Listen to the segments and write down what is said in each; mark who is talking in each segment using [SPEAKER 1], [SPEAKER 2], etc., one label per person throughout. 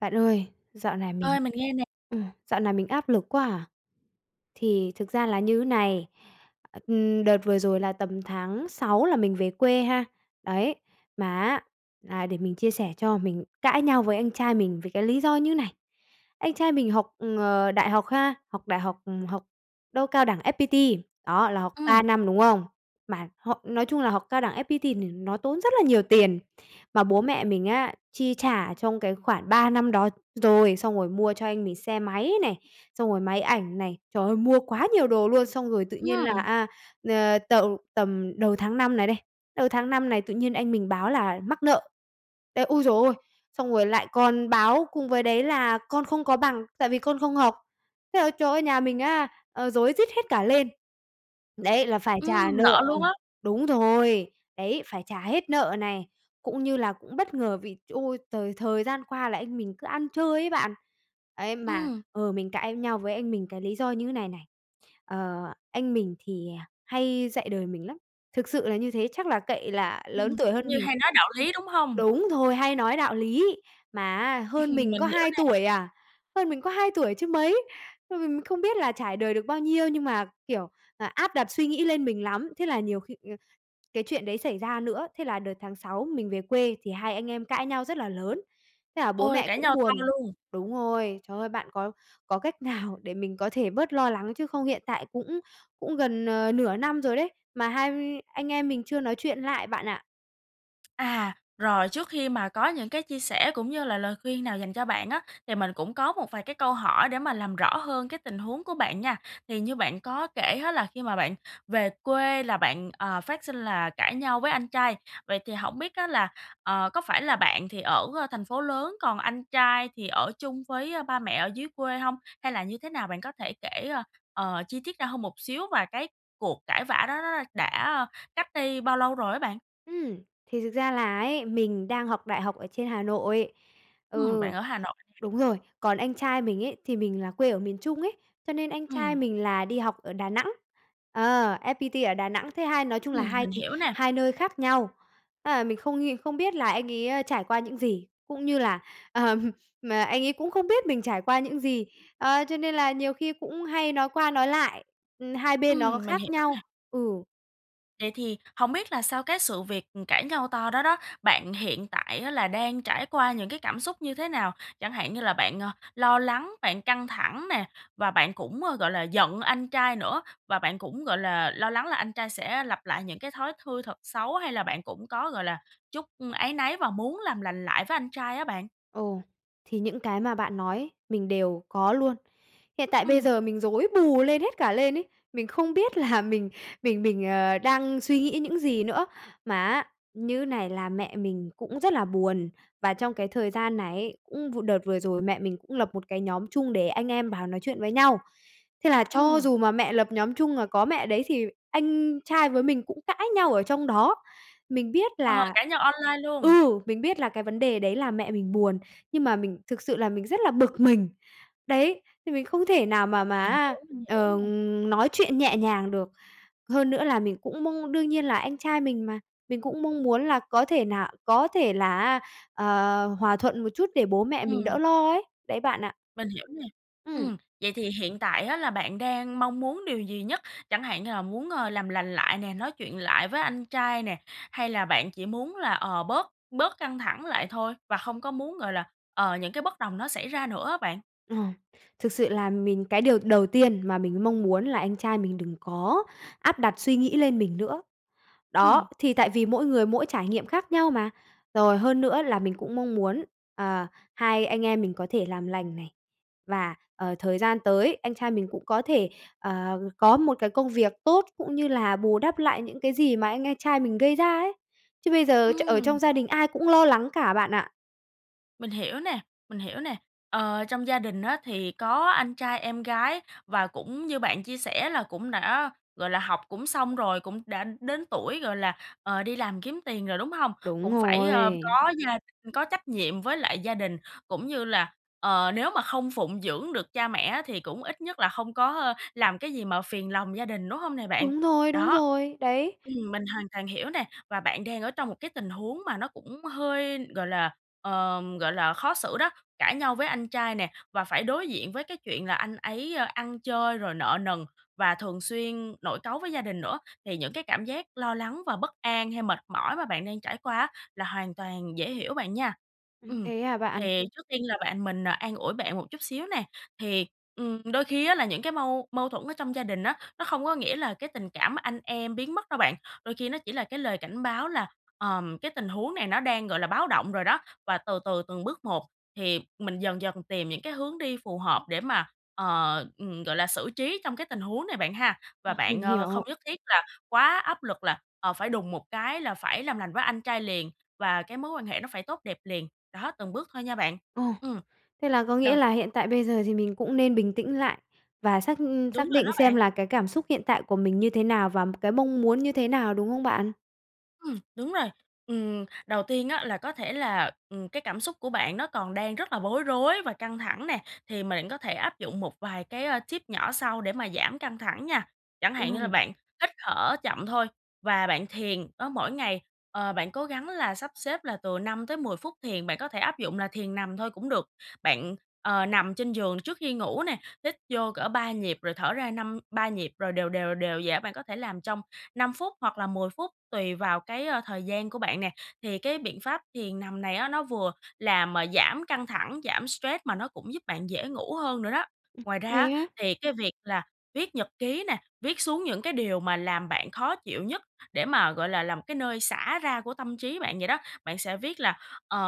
[SPEAKER 1] Bạn ơi, dạo này mình,
[SPEAKER 2] Ơi, mình nghe nè.
[SPEAKER 1] ừm, dạo này mình áp lực quá à. Thì thực ra là như thế này, ừm, đợt vừa rồi là tầm tháng 6 là mình về quê ha. Đấy, mà á là để mình chia sẻ cho, mình cãi nhau với anh trai mình vì cái lý do như này. Anh trai mình học, ờ, đại học ha, học đại học, ừm, học đâu Cao đẳng FPT. Đó, là học 3
[SPEAKER 2] Ừm.
[SPEAKER 1] năm, đúng không? Mà họ nói chung là học Cao đẳng FPT thì nó tốn rất là nhiều tiền, mà bố mẹ mình á, chi trả trong cái khoảng 3 năm đó rồi, xong rồi mua cho anh mình xe máy này, xong rồi máy ảnh này, trời ơi, mua quá nhiều đồ luôn, xong rồi tự nhiên là,
[SPEAKER 2] Ừm!
[SPEAKER 1] a, ờ, t tầm đầu tháng 5 này đây, đầu tháng 5 này tự nhiên anh mình báo là mắc nợ. Ê, ôi giời ơi! Xong rồi lại còn báo cùng với đấy là con không có bằng, tại vì con không học. Thế là trời ơi nhà mình á, ờ, rối rít hết cả lên! Đấy, là phải trả
[SPEAKER 2] Ừm,
[SPEAKER 1] nợ,
[SPEAKER 2] nợ luôn
[SPEAKER 1] ừm
[SPEAKER 2] á?
[SPEAKER 1] đúng rồi! Đấy, phải trả hết nợ này, cũng như là cũng bất ngờ vì, ôi, t thời gian qua là anh mình cứ ăn chơi ấy bạn. Ấy, mà,
[SPEAKER 2] Ừm.
[SPEAKER 1] ừ, mình cãi nhau với anh mình cái lý do như này này. Ờ, anh mình thì hay dạy đời mình lắm, thực sự là như thế chắc là cậy là
[SPEAKER 2] Ừm,
[SPEAKER 1] lớn tuổi
[SPEAKER 2] kiểu
[SPEAKER 1] hơn
[SPEAKER 2] như
[SPEAKER 1] mình.
[SPEAKER 2] hay nói đạo lý, đúng hông?
[SPEAKER 1] Đúng rồi, hay nói đạo lý, mà á hơn mình
[SPEAKER 2] Mình
[SPEAKER 1] có
[SPEAKER 2] hiểu
[SPEAKER 1] 2 tuổi
[SPEAKER 2] nè.
[SPEAKER 1] à, hơn mình có 2 tuổi chứ mấy, ừm, mình không biết là trải đời được bao nhiêu nhưng mà, kiểu, à, áp đặt suy nghĩ lên mình lắm. Thế là nhiều khi, ờ, cái chuyện đấy xảy ra nữa thế là đợt tháng 6 mình về quê thì hai anh em cãi nhau rất là lớn, thế là bố
[SPEAKER 2] Ôi,
[SPEAKER 1] mẹ
[SPEAKER 2] cãi
[SPEAKER 1] cũng
[SPEAKER 2] nhau to
[SPEAKER 1] buồn.
[SPEAKER 2] luôn.
[SPEAKER 1] Đúng rồi, trời ơi, bạn có có cách nào để mình có thể bớt lo lắng, chứ không hiện tại cũng cũng gần, ờ, nửa năm rồi đấy, mà hai anh em mình chưa nói chuyện lại bạn ạ.
[SPEAKER 2] À! Rồi, trước khi mà có những cái chia sẻ cũng như là lời khuyên nào dành cho bạn á thì mình cũng có một vài cái câu hỏi để mà làm rõ hơn cái tình huống của bạn nha. Thì như bạn có kể á là khi mà bạn về quê là bạn, ờ, phát sinh là cãi nhau với anh trai, vậy thì hổng biết á là, ờ, có phải là bạn thì ở thành phố lớn, còn anh trai thì ở chung với ba mẹ ở dưới quê hông? Hay là như thế nào, bạn có thể kể, ơ, ờ, chi tiết ra hơn một xíu và cái cuộc cãi vã đó nó đã, ơ, cách đây bao lâu rồi á bạn?
[SPEAKER 1] Ừm. Thì thực ra là ấy, mình đang học đại học ở trên Hà Nội.
[SPEAKER 2] Ừm, bạn
[SPEAKER 1] Ừ.
[SPEAKER 2] ở Hà Nội nè.
[SPEAKER 1] Đúng rồi. Còn anh trai mình ấy thì mình là quê ở miền Trung ấy, cho nên anh trai
[SPEAKER 2] Ừm.
[SPEAKER 1] mình là đi học ở Đà Nẵng. Ờ, FPT ở Đà Nẵng, thế hai nói chung là
[SPEAKER 2] Ừm,
[SPEAKER 1] hai t
[SPEAKER 2] mình hiểu nè.
[SPEAKER 1] hai nơi khác nhau. Ơ, là mình không ng không biết là anh ấy trải qua những gì, cũng như là, ờm, mà anh ấy cũng không biết mình trải qua những gì, ờ, cho nên là nhiều khi cũng hay nói qua nói lại, ừm, hai bên nó
[SPEAKER 2] Ừm, mình
[SPEAKER 1] khác
[SPEAKER 2] hiểu
[SPEAKER 1] nhau.
[SPEAKER 2] nè.
[SPEAKER 1] Ừ.
[SPEAKER 2] Vậy thì hổng biết là sau cái sự việc, ừm, cãi nhau to đó đó, bạn hiện tại á là đang trải qua những cái cảm xúc như thế nào? Chẳng hạn như là bạn, ờ, lo lắng, bạn căng thẳng nè, và bạn cũng, ơ, gọi là, giận anh trai nữa, và bạn cũng, gọi là, lo lắng là anh trai sẽ lặp lại những cái thói thư thật xấu hay là bạn cũng có, gọi là, chút áy náy và muốn làm lành lại với anh trai á bạn?
[SPEAKER 1] Ồ, thì những cái mà bạn nói ấy mình đều có luôn. Hiện tại bây
[SPEAKER 2] Ừm.
[SPEAKER 1] giờ mình rối bù lên hết cả lên ấy, mình không biết là mình mình mình, ờ, đang suy nghĩ những gì nữa. Mà á, như này là mẹ mình cũng rất là buồn, và trong cái thời gian này ấy, ừm, cũng v đợt vừa rồi mẹ mình cũng lập một cái nhóm chung để anh em bào nói chuyện với nhau. Thế là cho
[SPEAKER 2] Ừm.
[SPEAKER 1] dù mà mẹ lập nhóm chung, mà có mẹ ở đấy thì anh trai với mình cũng cãi nhau ở trong đó. Mình biết
[SPEAKER 2] Ờ,
[SPEAKER 1] là
[SPEAKER 2] cãi nhau online luôn.
[SPEAKER 1] ừ, mình biết là cái vấn đề đấy là mẹ mình buồn, nhưng mà mình thực sự là mình rất là bực mình. Đấy, thì mình không thể nào mà mà
[SPEAKER 2] Mình
[SPEAKER 1] á,
[SPEAKER 2] hiểu, mình hiểu
[SPEAKER 1] ờ,
[SPEAKER 2] nè.
[SPEAKER 1] nói chuyện nhẹ nhàng được. Hơn nữa là mình cũng mong đương nhiên, là anh trai mình mà, mình cũng mong muốn là có thể nà có thể là á, ờ, hòa thuận một chút để bố mẹ mình
[SPEAKER 2] Ừm.
[SPEAKER 1] đỡ lo ấy, đấy bạn ạ.
[SPEAKER 2] Mình hiểu nè.
[SPEAKER 1] Ừm.
[SPEAKER 2] Ừm, vậy thì hiện tại á là bạn đang mong muốn điều gì nhất? Chẳng hạn như là muốn, ờ, làm lành lại nè, nói chuyện lại với anh trai nè, hay là bạn chỉ muốn là, ờ, bớt bớt căng thẳng lại thôi? Và hông có muốn, gọi là, ờ, những cái bất đồng nó xảy ra nữa á bạn?
[SPEAKER 1] Ờ, thực sự là mình cái điều đầu tiên mà mình mong muốn là anh trai mình đừng có áp đặt suy nghĩ lên mình nữa,
[SPEAKER 2] Ừm.
[SPEAKER 1] đó, thì tại vì mỗi người mỗi trải nghiệm khác nhau mà. Rồi, hơn nữa là mình cũng mong muốn, ờ, hai anh em mình có thể làm lành này, và, ờ, thời gian tới, anh trai mình cũng có thể, ờ, có một cái công việc tốt, cũng như là bù đắp lại những cái gì mà anh anh trai mình gây ra ấy. Chứ bây giờ ch ở
[SPEAKER 2] Ừm.
[SPEAKER 1] trong gia đình ai cũng lo lắng cả bạn ạ.
[SPEAKER 2] Mình hiểu nè, mình hiểu nè, ờ, trong gia đình á, thì có anh trai, em gái và cũng như bạn chia sẻ là cũng đã, gọi là, học cũng xong rồi, cũng đã đến tuổi, gọi là, ờ, đi làm kiếm tiền rồi, đúng hông?
[SPEAKER 1] Đúng
[SPEAKER 2] Cũng phải, ờ,
[SPEAKER 1] rồi.
[SPEAKER 2] có gia đình, có trách nhiệm với lại gia đình, cũng như là, ờ, nếu mà không phụng dưỡng được cha mẹ á, thì cũng ít nhất là không có làm cái gì mà phiền lòng gia đình, đúng hông nè bạn?
[SPEAKER 1] Đúng rồi, đúng
[SPEAKER 2] Đó.
[SPEAKER 1] rồi, đấy.
[SPEAKER 2] Ừm, mình hoàn toàn hiểu nè và bạn đang ở trong một cái tình huống mà nó cũng hơi gọi là, ờ, gọi là, khó xử đó, cãi nhau với anh trai nè và phải đối diện với cái chuyện là anh ấy ăn chơi rồi nợ nần và thường xuyên nổi cáu với gia đình nữa, thì những cái cảm giác lo lắng và bất an hay mệt mỏi mà bạn đang trải qua á, là hoàn toàn dễ hiểu bạn nha.
[SPEAKER 1] Ừm,
[SPEAKER 2] Ừm.
[SPEAKER 1] thế hả bạn?
[SPEAKER 2] Thì trước tiên là bạn mình an ủi bạn một chút xíu nè, thì, ừm, đôi khi á, là những cái mâu mâu thuẫn ở trong gia đình á, nó không có nghĩa là cái tình cảm anh em biến mất đâu bạn, đôi khi nó chỉ là cái lời cảnh báo là, ờm, cái tình huống này nó đang, gọi là, báo động rồi đó và từ từ từng bước một thì mình dần dần tìm những cái hướng đi phù hợp để mà ờ, ừm, gọi là, xử trí trong cái tình huống này bạn ha và
[SPEAKER 1] Ừm,
[SPEAKER 2] bạn,
[SPEAKER 1] mình
[SPEAKER 2] ờ, không
[SPEAKER 1] hiểu.
[SPEAKER 2] nhất thiết là quá áp lực là, ờ, phải đùng một cái là phải làm lành với anh trai liền và cái mối quan hệ nó phải tốt đẹp liền, đó, từng bước thôi nha bạn.
[SPEAKER 1] Ồ,
[SPEAKER 2] Ừm.
[SPEAKER 1] thế là có nghĩa
[SPEAKER 2] Đầu
[SPEAKER 1] là hiện tại bây giờ thì mình cũng nên bình tĩnh lại và xác
[SPEAKER 2] Đúng
[SPEAKER 1] xác
[SPEAKER 2] rồi
[SPEAKER 1] định
[SPEAKER 2] đó
[SPEAKER 1] xem
[SPEAKER 2] bạn.
[SPEAKER 1] là cái cảm xúc hiện tại của mình như thế nào và cái mong muốn như thế nào đúng không bạn?
[SPEAKER 2] Ừm, đúng rồi. Ừm, đầu tiên á, là có thể là, ừm, cái cảm xúc của bạn nó còn đang rất là bối rối và căng thẳng nè thì mà bạn có thể áp dụng một vài cái, ờ, tip nhỏ sau để mà giảm căng thẳng nha. Chẳng hạn như là
[SPEAKER 1] Ừm.
[SPEAKER 2] bạn hít thở chậm thôi và bạn thiền đó, mỗi ngày, ờ, bạn cố gắng là sắp xếp là từ 5 tới 10 phút thiền, bạn có thể áp dụng là thiền nằm thôi cũng được. Bạn, ờ, nằm trên giường trước khi ngủ nè, hít vô cỡ 3 nhịp rồi thở ra năm ba nhịp rồi đều, đều, đều vậy đó. Bạn có thể làm trong 5 phút hoặc là 10 phút tùy vào cái, ờ, thời gian của bạn nè. Thì cái biện pháp thiền nằm này á, nó vừa làm giảm căng thẳng, giảm stress mà nó cũng giúp bạn dễ ngủ hơn nữa đó.
[SPEAKER 1] Ừm.
[SPEAKER 2] Ngoài ra
[SPEAKER 1] Thế
[SPEAKER 2] á,
[SPEAKER 1] á?
[SPEAKER 2] thì cái việc là viết nhật ký nè, viết xuống những cái điều mà làm bạn khó chịu nhất để mà, gọi là, là một cái nơi xả ra của tâm trí bạn vậy đó. Bạn sẽ viết là, ờ,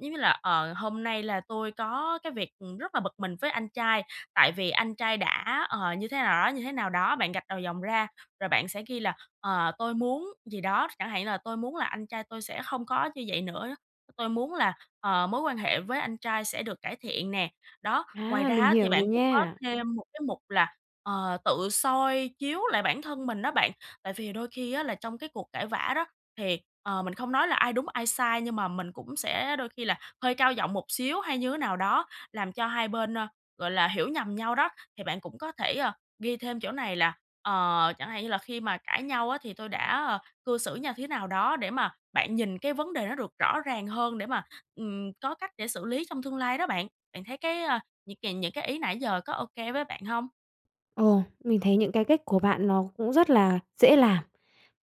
[SPEAKER 2] giống như là, ờ: "Hôm nay là tôi có cái việc rất là bực mình với anh trai, tại vì anh trai đã" ờ, như thế nào đó, như thế nào đó. Bạn gạch đầu dòng ra rồi bạn sẽ ghi là, ờ: "Tôi muốn" gì đó, chẳng hạn như là "Tôi muốn là anh trai tôi sẽ không có như vậy nữa, tôi muốn là, ờ, mối quan hệ với anh trai sẽ được cải thiện nè" đó. Ngoài
[SPEAKER 1] À,
[SPEAKER 2] ra
[SPEAKER 1] mình
[SPEAKER 2] á,
[SPEAKER 1] hiểu
[SPEAKER 2] thì
[SPEAKER 1] rồi
[SPEAKER 2] bạn cũng có
[SPEAKER 1] nha.
[SPEAKER 2] thêm một cái mục là, ờ, tự soi chiếu lại bản thân mình đó bạn, tại vì đôi khi á, là trong cái cuộc cãi vả đó thì, ờ, mình không nói là ai đúng ai sai nhưng mà mình cũng sẽ đôi khi là hơi cao giọng một xíu hay như thế nào đó, làm cho hai bên, ơ, gọi là, hiểu nhầm nhau đó. Thì bạn cũng có thể, ờ, ghi thêm chỗ này là, ờ, chẳng hạn như là khi mà cãi nhau á, thì tôi đã, ờ, cư xử nha thế nào đó để mà bạn nhìn cái vấn đề nó được rõ ràng hơn để mà, ừm, có cách để xử lý trong tương lai đó bạn. Bạn thấy cái, ờ những cài những cái ý nãy giờ có ô kê với bạn hông?
[SPEAKER 1] Ồ, mình thấy những cái cách của bạn nó cũng rất là dễ làm,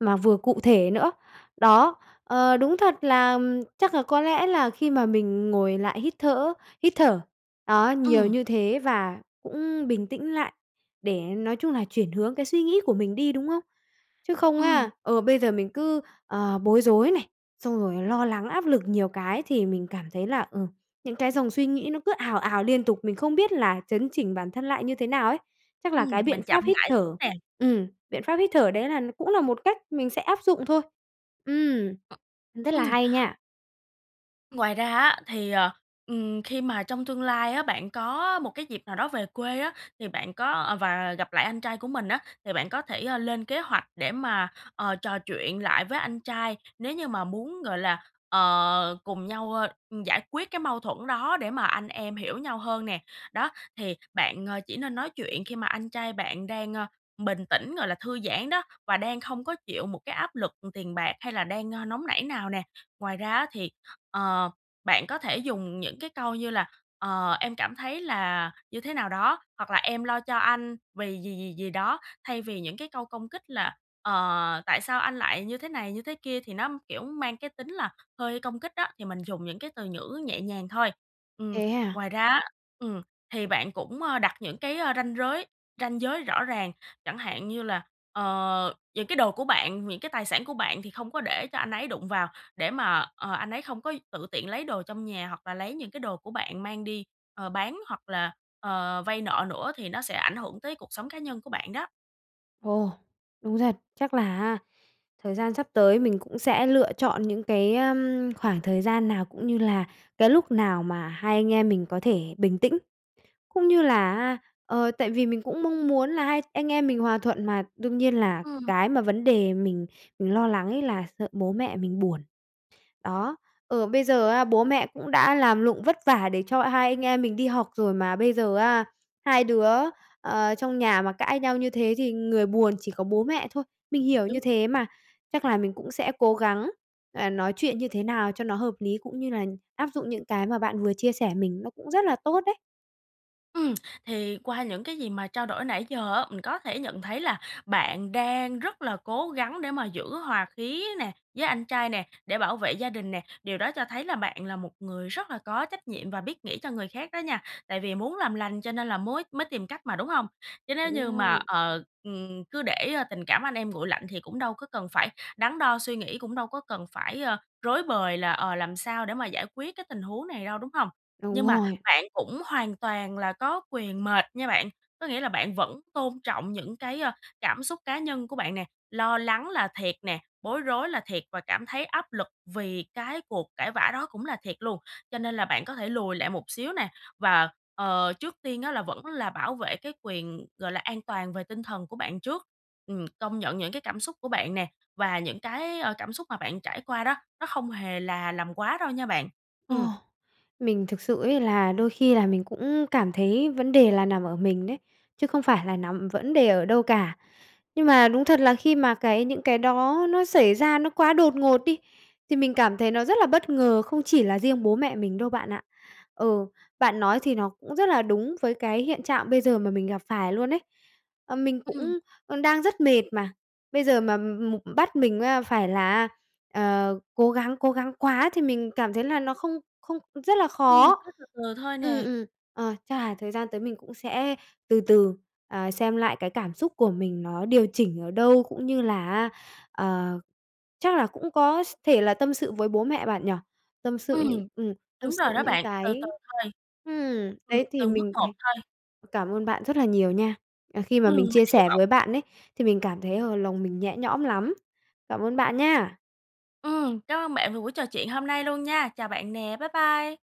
[SPEAKER 1] mà vừa cụ thể nữa. Đó. Ờ, đúng thật là chắc là có lẽ là khi mà mình ngồi lại hít thở hít thở, đó, nhiều
[SPEAKER 2] Ừm.
[SPEAKER 1] như thế và cũng bình tĩnh lại để, nói chung là, chuyển hướng cái suy nghĩ của mình đi, đúng không? Chứ không
[SPEAKER 2] Ừm.
[SPEAKER 1] á, ừ, bây giờ mình cứ, ờ, bối rối này, xong rồi lo lắng áp lực nhiều cái thì mình cảm thấy là, ừm, những cái dòng suy nghĩ nó cứ ào ào liên tục, mình không biết là chấn chỉnh bản thân lại như thế nào ấy. Chắc
[SPEAKER 2] Ừm,
[SPEAKER 1] là cái biện
[SPEAKER 2] mình chậm
[SPEAKER 1] pháp hít
[SPEAKER 2] lại chút
[SPEAKER 1] thở
[SPEAKER 2] nè.
[SPEAKER 1] ừm, biện pháp hít thở đấy là cũng là một cách mình sẽ áp dụng thôi. Ừm,
[SPEAKER 2] Ừm.
[SPEAKER 1] rất là
[SPEAKER 2] Ừm.
[SPEAKER 1] hay nha.
[SPEAKER 2] Ngoài ra á, thì, ờ, ừm, khi mà trong tương lai á, bạn có một cái dịp nào đó về quê á, thì bạn có và gặp lại anh trai của mình á, thì bạn có thể, ơ, lên kế hoạch để mà, ờ, trò chuyện lại với anh trai. Nếu như mà muốn, gọi là, ờ, cùng nhau, ơ, giải quyết cái mâu thuẫn đó để mà anh em hiểu nhau hơn nè, đó, thì bạn, ờ, chỉ nên nói chuyện khi mà anh trai bạn đang, ơ, bình tĩnh, gọi là, thư giãn đó, và đang không có chịu một cái áp lực tiền bạc hay là đang, ơ, nóng nảy nào nè. Ngoài ra á, thì, ờ, bạn có thể dùng những cái câu như là, ờ, "Em cảm thấy là như thế nào đó" hoặc là "Em lo cho anh vì gì, gì, gì đó." Thay vì những cái câu công kích là, ờ, "Tại sao anh lại như thế này, như thế kia", thì nó, kiểu, mang cái tính là hơi công kích á, thì mình dùng những cái từ ngữ nhẹ nhàng thôi. Ừm,
[SPEAKER 1] Thế à?
[SPEAKER 2] ngoài ra á, ừm, thì bạn cũng, ơ, đặt những cái, ơ, ranh giới ranh giới rõ ràng. Chẳng hạn như là, ờ, những cái đồ của bạn, những cái tài sản của bạn thì không có để cho anh ấy đụng vào, để mà, ờ, anh ấy không có tự tiện lấy đồ trong nhà, hoặc là lấy những cái đồ của bạn mang đi, ờ, bán hoặc là, ờ, vay nợ nữa, thì nó sẽ ảnh hưởng tới cuộc sống cá nhân của bạn đó.
[SPEAKER 1] Ồ! Đúng thật. Chắc là á, thời gian sắp tới mình cũng sẽ lựa chọn những cái, ưm, khoảng thời gian nào, cũng như là cái lúc nào mà hai anh em mình có thể bình tĩnh, cũng như là á ờ, tại vì mình cũng mong muốn là hai anh em mình hòa thuận mà, đương nhiên là
[SPEAKER 2] Ừm.
[SPEAKER 1] cái mà vấn đề mình mình lo lắng ấy là sợ bố mẹ mình buồn. Đó. Ừ, bây giờ á, bố mẹ cũng đã làm lụng vất vả để cho hai anh em mình đi học rồi mà bây giờ á, hai đứa, ờ, trong nhà mà cãi nhau như thế thì người buồn chỉ có bố mẹ thôi, mình hiểu
[SPEAKER 2] Đúng.
[SPEAKER 1] như thế mà, chắc là mình cũng sẽ cố gắng, à, nói chuyện như thế nào cho nó hợp lý, cũng như là áp dụng những cái mà bạn vừa chia sẻ mình nó cũng rất là tốt đấy.
[SPEAKER 2] Ừm. Thì qua những cái gì mà trao đổi nãy giờ á, mình có thể nhận thấy là bạn đang rất là cố gắng để mà giữ hòa khí nè, với anh trai nè, để bảo vệ gia đình nè, điều đó cho thấy là bạn là một người rất là có trách nhiệm và biết nghĩ cho người khác đó nha, tại vì muốn làm lành cho nên là mới mới tìm cách mà, đúng hông? Chứ nếu như mà,
[SPEAKER 1] Ừm. [unintelligible]
[SPEAKER 2] ờ, ừm, cứ để, ơ, tình cảm anh em nguội lạnh thì cũng đâu có cần phải đắn đo suy nghĩ, cũng đâu có cần phải, ơ, rối bời là, ờ, làm sao để mà giải quyết cái tình huống này đâu, đúng hông?
[SPEAKER 1] Đúng
[SPEAKER 2] Nhưng mà
[SPEAKER 1] rồi.
[SPEAKER 2] bạn cũng hoàn toàn là có quyền mệt nha bạn, có nghĩa là bạn vẫn tôn trọng những cái, ơ, cảm xúc cá nhân của bạn nè, lo lắng là thiệt nè, bối rối là thiệt và cảm thấy áp lực vì cái cuộc cãi vã đó cũng là thiệt luôn. Cho nên là bạn có thể lùi lại một xíu nè và, ờ, trước tiên á là vẫn là bảo vệ cái quyền, gọi là, an toàn về tinh thần của bạn trước, ừm, công nhận những cái cảm xúc của bạn nè và những cái, ờ, cảm xúc mà bạn trải qua đó, nó không hề là làm quá đâu nha bạn.
[SPEAKER 1] Ồ.
[SPEAKER 2] Ừm.
[SPEAKER 1] Mình thực sự ấy là đôi khi là mình cũng cảm thấy vấn đề là nằm ở mình đấy, chứ không phải là nằm vấn đề ở đâu cả. Nhưng mà đúng thật là khi mà cái những cái đó nó xảy ra nó quá đột ngột đi, thì mình cảm thấy nó rất là bất ngờ, không chỉ là riêng bố mẹ mình đâu bạn ạ. Ừ, bạn nói thì nó cũng rất là đúng với cái hiện trạng bây giờ mà mình gặp phải luôn ấy. Ờ, mình
[SPEAKER 2] Ừm.
[SPEAKER 1] cũng đang rất mệt mà, bây giờ mà m bắt mình, a, phải là á, ờ, cố gắng cố gắng quá thì mình cảm thấy là nó không không rất là
[SPEAKER 2] Ừm,
[SPEAKER 1] khó.
[SPEAKER 2] cứ từ từ thôi
[SPEAKER 1] Ừm,
[SPEAKER 2] nè.
[SPEAKER 1] ừm. Ờ, chắc là thời gian tới mình cũng sẽ từ từ, à, xem lại cái cảm xúc của mình nó điều chỉnh ở đâu, cũng như là á, ờ, chắc là cũng có s thể là tâm sự với bố mẹ bạn nhỉ, tâm sự những
[SPEAKER 2] Ừm.
[SPEAKER 1] ừm, tâm
[SPEAKER 2] Đúng
[SPEAKER 1] sự
[SPEAKER 2] rồi đó
[SPEAKER 1] những
[SPEAKER 2] bạn, từ từ
[SPEAKER 1] cái
[SPEAKER 2] thôi.
[SPEAKER 1] ừm,
[SPEAKER 2] Ừm,
[SPEAKER 1] đấy thì
[SPEAKER 2] từng bước
[SPEAKER 1] mình
[SPEAKER 2] một
[SPEAKER 1] thì
[SPEAKER 2] thôi.
[SPEAKER 1] cảm ơn bạn rất là nhiều nha. À, khi mà
[SPEAKER 2] Ừm,
[SPEAKER 1] mình
[SPEAKER 2] mình
[SPEAKER 1] chia
[SPEAKER 2] hy
[SPEAKER 1] sẻ
[SPEAKER 2] vọng
[SPEAKER 1] với bạn ấy thì mình cảm thấy, ờ, lòng mình nhẹ nhõm lắm. Cảm ơn bạn nha!
[SPEAKER 2] Ừm, cám ơn bạn vì buổi trò chuyện hôm nay luôn nha! Chào bạn nè, bye bye!